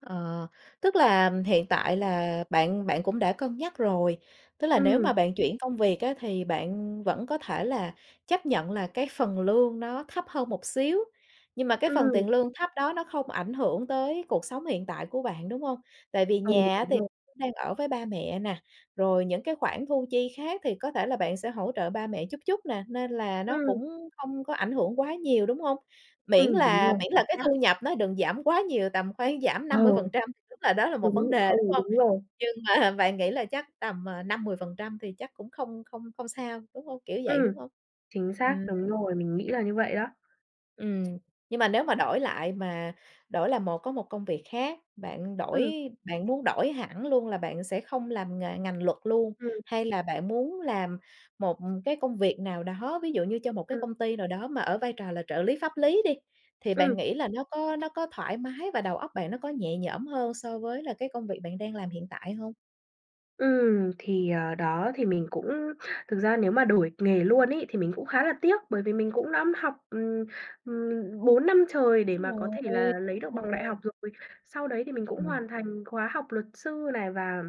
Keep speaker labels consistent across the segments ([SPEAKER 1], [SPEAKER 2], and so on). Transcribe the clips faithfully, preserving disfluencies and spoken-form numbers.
[SPEAKER 1] Ờ, tức là hiện tại là bạn bạn cũng đã cân nhắc rồi, tức là nếu
[SPEAKER 2] Ừm.
[SPEAKER 1] mà bạn chuyển công việc á thì bạn vẫn có thể là chấp nhận là cái phần lương nó thấp hơn một xíu. Nhưng mà cái phần
[SPEAKER 2] Ừm.
[SPEAKER 1] tiền lương thấp đó nó không ảnh hưởng tới cuộc sống hiện tại của bạn, đúng hông? Tại vì
[SPEAKER 2] Ừ,
[SPEAKER 1] nhà á
[SPEAKER 2] đúng
[SPEAKER 1] thì
[SPEAKER 2] rồi.
[SPEAKER 1] đang ở với ba mẹ nè, rồi những cái khoản thu chi khác thì có thể là bạn sẽ hỗ trợ ba mẹ chút chút nè, nên là nó
[SPEAKER 2] Ừm.
[SPEAKER 1] cũng không có ảnh hưởng quá nhiều, đúng hông? Miễn
[SPEAKER 2] Ừm, đúng
[SPEAKER 1] là
[SPEAKER 2] rồi,
[SPEAKER 1] miễn
[SPEAKER 2] chính
[SPEAKER 1] là cái
[SPEAKER 2] xác.
[SPEAKER 1] thu nhập nó đừng giảm quá nhiều, tầm khoảng giảm
[SPEAKER 2] Ờ.
[SPEAKER 1] năm mươi phần trăm, tức là đó là một vấn
[SPEAKER 2] Đúng,
[SPEAKER 1] đề,
[SPEAKER 2] ừ,
[SPEAKER 1] đúng hông?
[SPEAKER 2] đúng rồi.
[SPEAKER 1] Nhưng mà bạn nghĩ là chắc tầm, à, năm, mười phần trăm thì chắc cũng không không không sao, đúng hông? Kiểu vậy, đúng
[SPEAKER 2] Ừm.
[SPEAKER 1] hông?
[SPEAKER 2] Chính xác,
[SPEAKER 1] Ừm.
[SPEAKER 2] đúng rồi, mình nghĩ là như vậy đó.
[SPEAKER 1] Ừm. Nhưng mà nếu mà đổi lại mà đổi là một có một công việc khác, bạn đổi
[SPEAKER 2] Ừm.
[SPEAKER 1] bạn muốn đổi hẳn luôn là bạn sẽ không làm nghề ngành luật luôn,
[SPEAKER 2] Ừm.
[SPEAKER 1] hay là bạn muốn làm một cái công việc nào đó, ví dụ như cho một cái
[SPEAKER 2] Ừm.
[SPEAKER 1] công ty nào đó mà ở vai trò là trợ lý pháp lý đi, thì bạn
[SPEAKER 2] Ừm.
[SPEAKER 1] nghĩ là nó có nó có thoải mái và đầu óc bạn nó có nhẹ nhõm hơn so với là cái công việc bạn đang làm hiện tại hông?
[SPEAKER 2] Ừm, thì, ờ, đó, thì mình cũng thực ra nếu mà đổi nghề luôn ấy thì mình cũng khá là tiếc bởi vì mình cũng đã học, ừm, ừm, bốn năm trời để
[SPEAKER 1] Đúng
[SPEAKER 2] mà có thể
[SPEAKER 1] rồi.
[SPEAKER 2] là lấy được bằng đại
[SPEAKER 1] Rồi.
[SPEAKER 2] học rồi. Sau đấy thì mình cũng
[SPEAKER 1] Ừm.
[SPEAKER 2] hoàn thành khóa học luật sư này và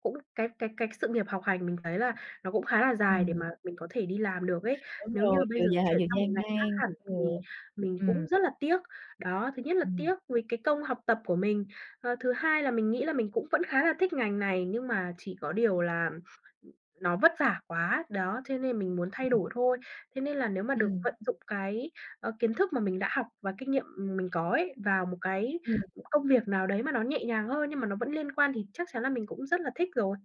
[SPEAKER 2] cũng cái cái cái sự nghiệp học hành mình thấy là nó cũng khá là dài để
[SPEAKER 1] Ừm.
[SPEAKER 2] mà mình có thể đi làm được ấy.
[SPEAKER 1] Đúng
[SPEAKER 2] Nếu như mà
[SPEAKER 1] rồi,
[SPEAKER 2] bây
[SPEAKER 1] vừa
[SPEAKER 2] giờ
[SPEAKER 1] dài
[SPEAKER 2] chuyển
[SPEAKER 1] vừa
[SPEAKER 2] sang một
[SPEAKER 1] gian
[SPEAKER 2] ngành khác
[SPEAKER 1] nan.
[SPEAKER 2] hẳn
[SPEAKER 1] Ừ,
[SPEAKER 2] thì mình
[SPEAKER 1] ừm.
[SPEAKER 2] cũng rất là tiếc. Đó, thứ nhất là tiếc
[SPEAKER 1] Ừm.
[SPEAKER 2] vì cái công học tập của mình, ờ, thứ hai là mình nghĩ là mình cũng vẫn khá là thích ngành này nhưng mà chỉ có điều là nó vất vả quá, đó, cho nên mình muốn
[SPEAKER 1] Ừ,
[SPEAKER 2] thay
[SPEAKER 1] ừm.
[SPEAKER 2] đổi thôi. Thế nên là nếu mà được
[SPEAKER 1] Ừm.
[SPEAKER 2] vận dụng cái, ơ, kiến thức mà mình đã học và kinh nghiệm, ừm, mình có ấy vào một cái
[SPEAKER 1] Ừm.
[SPEAKER 2] công việc nào đấy mà nó nhẹ nhàng hơn, nhưng mà nó vẫn liên quan thì chắc chắn là mình cũng rất là thích rồi.